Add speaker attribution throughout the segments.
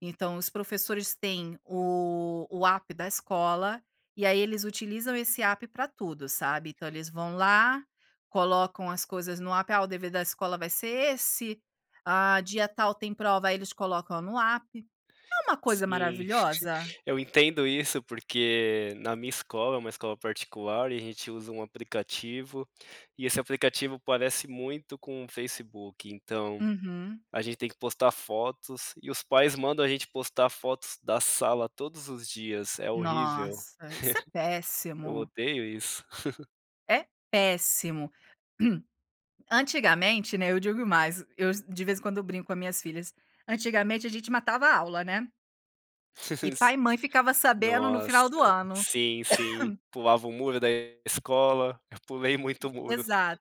Speaker 1: Então os professores têm o o app da escola, e aí eles utilizam esse app para tudo sabe, então eles vão lá, colocam as coisas no app, ah, o dever da escola vai ser esse, ah, dia tal tem prova, aí eles colocam no app. É uma coisa
Speaker 2: Sim,
Speaker 1: maravilhosa.
Speaker 2: eu entendo isso, porque na minha escola é uma escola particular, e a gente usa um aplicativo, e esse aplicativo parece muito com o Facebook então,
Speaker 1: Uhum.
Speaker 2: a gente tem que postar fotos e os pais mandam a gente postar fotos da sala todos os dias, é horrível.
Speaker 1: Nossa, isso é
Speaker 2: Eu
Speaker 1: péssimo.
Speaker 2: odeio isso.
Speaker 1: É péssimo. Antigamente, né, eu digo mais, eu de vez em quando eu brinco com as minhas filhas, antigamente a gente matava aula, né? E pai e mãe ficava sabendo no
Speaker 2: Nossa,
Speaker 1: final do ano.
Speaker 2: sim, sim, pulava o muro da escola, eu pulei muito o muro.
Speaker 1: Exato.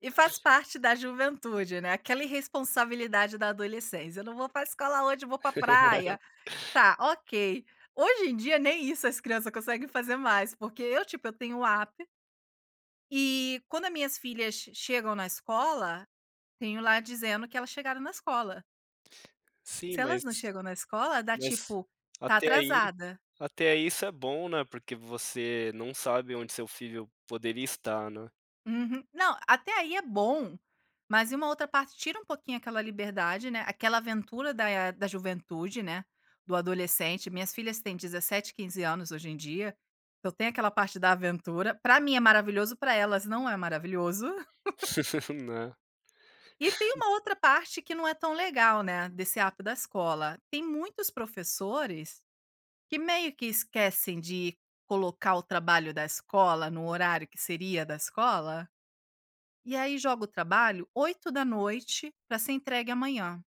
Speaker 1: E faz parte da juventude, né, aquela irresponsabilidade da adolescência, eu não vou para escola hoje, eu vou para praia. Está, ok. Hoje em dia nem isso as criança conseguem fazer mais, porque eu tipo eu tenho o app. E quando a minhas filhas chegam na escola, tenho lá dizendo que elas chegaram na escola.
Speaker 2: Sim,
Speaker 1: Se elas
Speaker 2: mas
Speaker 1: não chegam na escola dá
Speaker 2: mas
Speaker 1: tipo, tá
Speaker 2: até aí
Speaker 1: atrasada.
Speaker 2: até aí isso é bom, né, porque você não sabe onde seu filho poderia estar, né?
Speaker 1: Uhum. Não, até aí é bom, mas e uma outra parte tira um pouquinho aquela liberdade, né, aquela aventura da, eh, da juventude, né, do adolescente, minhas filhas têm 17 e 15 anos hoje em dia, então tem aquela parte da aventura, para mim é maravilhoso, para elas não é maravilhoso.
Speaker 2: Né.
Speaker 1: E tem uma outra parte que não é tão legal, né, desse app da escola. Tem muitos professores, que meio que esquecem de colocar o trabalho da escola no horário que seria da escola, e aí joga o trabalho 20h para ser entregue amanhã.